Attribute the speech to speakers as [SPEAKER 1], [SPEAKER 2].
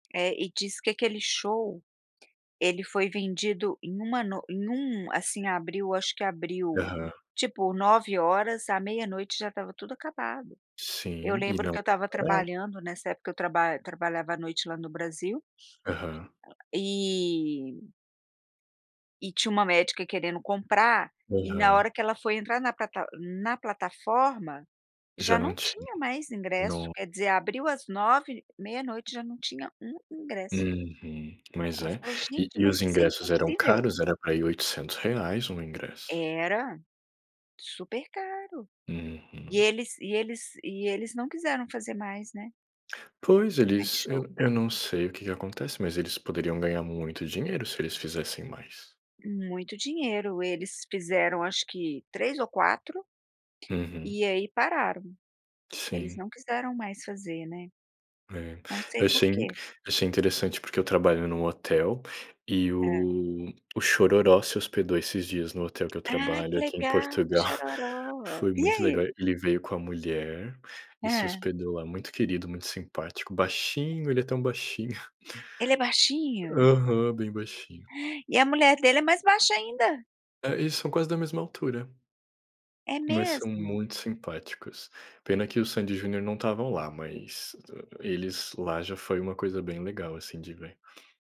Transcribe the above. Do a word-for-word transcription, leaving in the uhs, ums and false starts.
[SPEAKER 1] É, e disse que aquele show, ele foi vendido em uma noi em um assim, abriu acho que abriu,
[SPEAKER 2] Aham.
[SPEAKER 1] tipo, nove horas e à meia-noite já estava tudo acabado. Eu
[SPEAKER 2] Sim e
[SPEAKER 1] lembro
[SPEAKER 2] não
[SPEAKER 1] que eu estava
[SPEAKER 2] parava.
[SPEAKER 1] trabalhando, nessa época, eu traba trabalhava à noite lá, no Brasil
[SPEAKER 2] Aham.
[SPEAKER 1] e e tinha uma médica querendo comprar, e na
[SPEAKER 2] Aham.
[SPEAKER 1] hora que ela foi entrar na plata n-na plataforma,
[SPEAKER 2] Já
[SPEAKER 1] já
[SPEAKER 2] não
[SPEAKER 1] não
[SPEAKER 2] ti
[SPEAKER 1] tinha mais ingresso,
[SPEAKER 2] No
[SPEAKER 1] quer dizer, abriu às nove, meia-noite já não tinha um ingresso.
[SPEAKER 2] Uhum. Mas
[SPEAKER 1] Ela
[SPEAKER 2] é.
[SPEAKER 1] falou:
[SPEAKER 2] E
[SPEAKER 1] "Gente,
[SPEAKER 2] e
[SPEAKER 1] mas
[SPEAKER 2] os
[SPEAKER 1] isso é
[SPEAKER 2] ingressos eram
[SPEAKER 1] impossível!"
[SPEAKER 2] caros, era para ir oitocentos reais um ingresso.
[SPEAKER 1] Era. Super caro. E
[SPEAKER 2] Uhum.
[SPEAKER 1] eles e eles e eles não quiseram fazer mais, né.
[SPEAKER 2] Pois
[SPEAKER 1] Mais
[SPEAKER 2] eles
[SPEAKER 1] show.
[SPEAKER 2] eu eu não sei o que acontece, mas eles poderiam ganhar muito dinheiro, se eles fizessem mais.
[SPEAKER 1] Muito dinheiro, eles fizeram acho que três ou quatro,
[SPEAKER 2] Uhum.
[SPEAKER 1] e aí pararam. Eles
[SPEAKER 2] Sim.
[SPEAKER 1] não quiseram mais fazer, né,
[SPEAKER 2] É,
[SPEAKER 1] não sei
[SPEAKER 2] eu achei inc
[SPEAKER 1] porquê.
[SPEAKER 2] achei interessante porque eu trabalho em um hotel, e
[SPEAKER 1] Hã?
[SPEAKER 2] o Xororó se hospedou esses dias no hotel que eu
[SPEAKER 1] Ai,
[SPEAKER 2] trabalho,
[SPEAKER 1] que
[SPEAKER 2] aqui em
[SPEAKER 1] legal,
[SPEAKER 2] Portugal.
[SPEAKER 1] Xororó.
[SPEAKER 2] Foi
[SPEAKER 1] E
[SPEAKER 2] muito legal.
[SPEAKER 1] aí?
[SPEAKER 2] Ele veio com a mulher, e se
[SPEAKER 1] Hã.
[SPEAKER 2] hospedou lá. Muito querido, muito simpático. Baixinho, ele é tão baixinho.
[SPEAKER 1] Ele é baixinho?
[SPEAKER 2] Aham, bem baixinho.
[SPEAKER 1] E a mulher dele é mais baixa ainda?
[SPEAKER 2] É, eles são quase da mesma altura.
[SPEAKER 1] É
[SPEAKER 2] Mas são
[SPEAKER 1] mesmo?
[SPEAKER 2] muito simpáticos. Pena que o Sandi e Junior não estavam lá, mas eles lá, já foi uma coisa bem legal, assim, de ver.